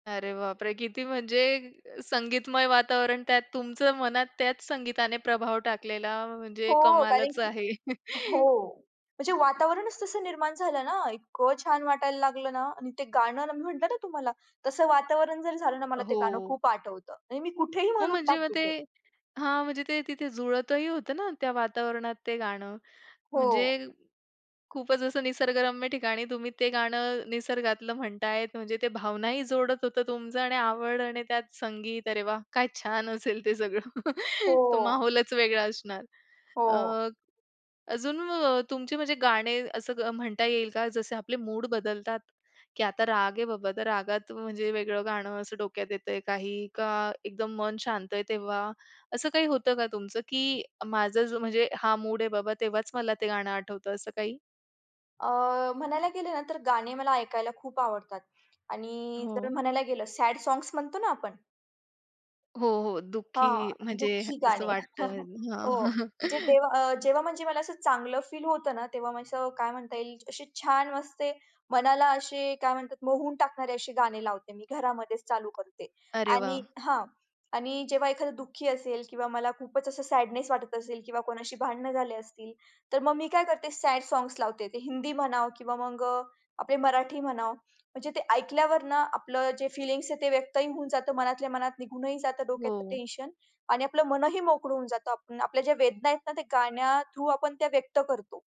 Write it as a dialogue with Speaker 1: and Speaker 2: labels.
Speaker 1: अरे बापरे! किती म्हणजे संगीतमय वातावरण त्यात तुमचं मनात त्याच संगीताने प्रभाव टाकलेला, म्हणजे
Speaker 2: हो. कारण
Speaker 1: कमालच
Speaker 2: की
Speaker 1: आहे.
Speaker 2: हो. म्हणजे वातावरणच तसं निर्माण झालं ना इतकं छान वाटायला लागलं ना आणि ते गाणं मी म्हटलं ना तुम्हाला तसं वातावरण जरी झालं ना
Speaker 1: अ,
Speaker 2: मला ते गाणं
Speaker 1: हो.
Speaker 2: खूप आठवतं आणि मी कुठेही
Speaker 1: हो,
Speaker 2: म्हणून
Speaker 1: म्हणजे मग
Speaker 2: टाकते
Speaker 1: ते
Speaker 2: तो.
Speaker 1: हां. म्हणजे ते तिथे जुळतही होतं ना त्या वातावरणात ते गाणं
Speaker 2: हो.
Speaker 1: म्हणजे खूपच असं निसर्गरम्य ठिकाणी तुम्ही ते गाणं निसर्गातलं म्हणताय, म्हणजे ते भावना ही जोडत होतं तुमचं आणि आवड आणि त्यात संगीत अरे वाह! काय छान असेल ते सगळं तो
Speaker 2: हो.
Speaker 1: माहौलच वेगळा असणार. अ,
Speaker 2: हो.
Speaker 1: अजून अ, तुमची म्हणजे गाणे असं म्हणता येईल का जसे आपले मूड बदलतात, की आता राग आहे बाबा, तर रागात म्हणजे वेगळं गाणं असं डोक्यात येतंय, काही का एकदम मन शांत आहे. तेव्हा असं काही होतं का तुमचं की माझं म्हणजे हा मूड आहे बाबा तेव्हाच मला ते गाणं आठवतं असं काही?
Speaker 2: अ, म्हणायला गेले ना तर गाणे मला ऐकायला खूप आवडतात. आणि जर
Speaker 1: हो.
Speaker 2: म्हणायला गेलं सॅड साँग्स म्हणतो ना आपण.
Speaker 1: हो, हो. दुःखी
Speaker 2: हां.
Speaker 1: म्हणजे
Speaker 2: दुःखी
Speaker 1: असं
Speaker 2: गाणे.
Speaker 1: वाटतं.
Speaker 2: हो.
Speaker 1: हां.
Speaker 2: जे देवा अ, जेव्हा म्हणजे मला असं चांगलं फील होतं ना, तेव्हा असं काय म्हणता येईल अशी छान वाजते मनाला, अशे काय म्हणतात, मोहून टाकणारे असे गाणे लावते मी, घरामध्येच चालू करते
Speaker 1: अरे वाह!
Speaker 2: आणि हां. आणि जेव्हा एखादं दुःखी असेल किंवा मला खूपच असं सॅडनेस वाटत असेल किंवा कोणाशी भांडण झाले असतील तर मग मी काय करते? सॅड साँग्स लावते. ते हिंदी म्हणावं किंवा मग आपले मराठी म्हणाव, म्हणजे ते ऐकल्यावर ना आपलं जे फिलिंग्स आहे, ते व्यक्तही होऊन जातं मनातल्या मनात निघूनही जातं डोक्यात
Speaker 1: हो.
Speaker 2: टेन्शन आणि आपलं मनही मोकळं होऊन जातं. आपल्या ज्या वेदना आहेत ना, ते गाण्या थ्रु आपण त्या व्यक्त करतो.